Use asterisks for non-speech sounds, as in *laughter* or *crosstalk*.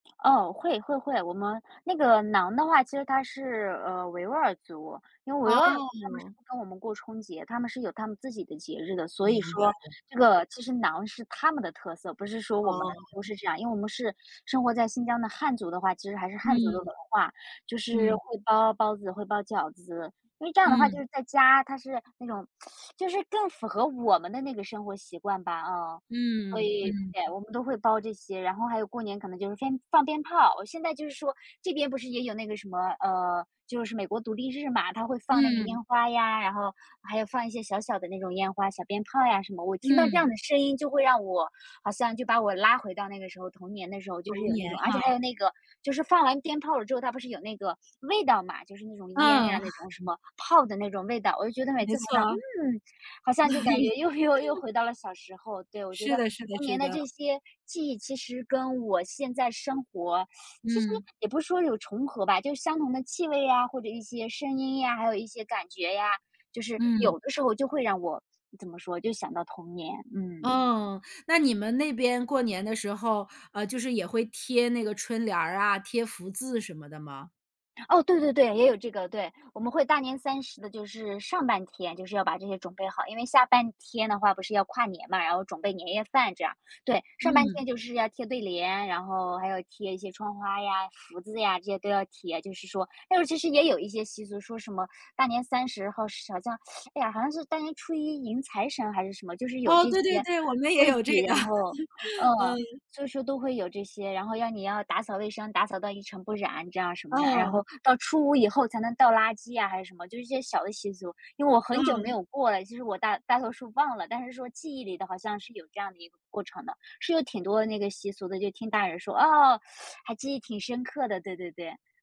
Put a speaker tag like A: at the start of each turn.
A: 哦，会会会，我们那个馕的话其实它是，呃，维吾尔族。因为维吾尔族他们是
B: 哦。
A: 不跟我们过春节，他们是有他们自己的节日的，所
B: 明
A: 以
B: 白
A: 说这
B: 了，嗯。
A: 个其实馕是他们的特色，不是说我们都
B: 哦。
A: 是这样。因为我们是生活在新疆的汉族的话，其实还是
B: 嗯，
A: 汉族的文化，就是
B: 嗯。
A: 会包包子，会包饺子。因为这样的话就
B: 嗯。
A: 是在家它是那种就是更符合我们的那个生活习惯吧，嗯。所
B: 嗯，
A: 以，
B: 嗯。
A: 对，我们都会包这些，然后还有过年可能就是先放鞭炮。我现在就是说这边不是也有那个什么，呃，就是美国独立日嘛，它会放那个
B: 嗯。
A: 烟花呀，然后还有放一些小小的那种烟花、小鞭炮呀什么。我听到这样
B: 嗯。
A: 的声音就会让我好像就把我拉回到那个时候，童年的时候就是
B: 童
A: 有那
B: 年
A: 种。而且
B: 哈。
A: 还有那个，就是放完鞭炮了之后，它不是有那个味道嘛，就是那种烟呀，
B: 嗯。
A: 那种什么炮的那种味道。我就觉得每
B: 没
A: 次闻到，
B: 错。
A: 嗯，好像就感觉又又又
B: *chuckles*
A: 回到了小时候。对，我觉
B: 是
A: 得
B: 的是的
A: 童年
B: 是
A: 的
B: 的。
A: 这些记忆，其实跟我现在生活，*sucks teeth* 其实
B: 嗯。
A: 也不是说有重合吧，就是相同的气味呀，或者一些声音呀，还有一些感觉呀，就是
B: 嗯。
A: 有的时候就会让我怎么说，就想到童年，嗯。
B: 哦，那你们那边过年的时候，呃，就是也会贴那个春联儿啊，贴福字什么的吗？
A: 哦，对对对，也有这个，对。我们会大年三十的就是上半天，就是要把这些准备好，因为下半天的话不是要跨年吗，然后准备年夜饭这样，对。上半
B: 嗯。
A: 天就是要贴对联，然后还要贴一些窗花呀，福字呀，这些都要贴，就是说。但是其实也有一些习俗，说什么大年三十后是好像，哎呀，好像是大年初一迎财神还是什么，就是有
B: 哦，
A: 这
B: 对对
A: 些
B: 对，我们也
A: 规
B: 有这
A: 矩。
B: 个。
A: 然后
B: *laughs* 嗯。
A: 嗯，就是都会有这些，然后要你要打扫卫生，打扫到一尘不染，这样什么着。然后
B: 嗯。
A: 到初五以后才能倒垃圾呀，还是什么，就是一些小的习俗。因为我很久没
B: 嗯。
A: 有过了，其实我大大多数忘了，但是说记忆里的好像是有这样的一个过程的。是有挺多的那个习俗的，就听大人说，哦，*sucks teeth* 还记忆挺深刻的，对对对。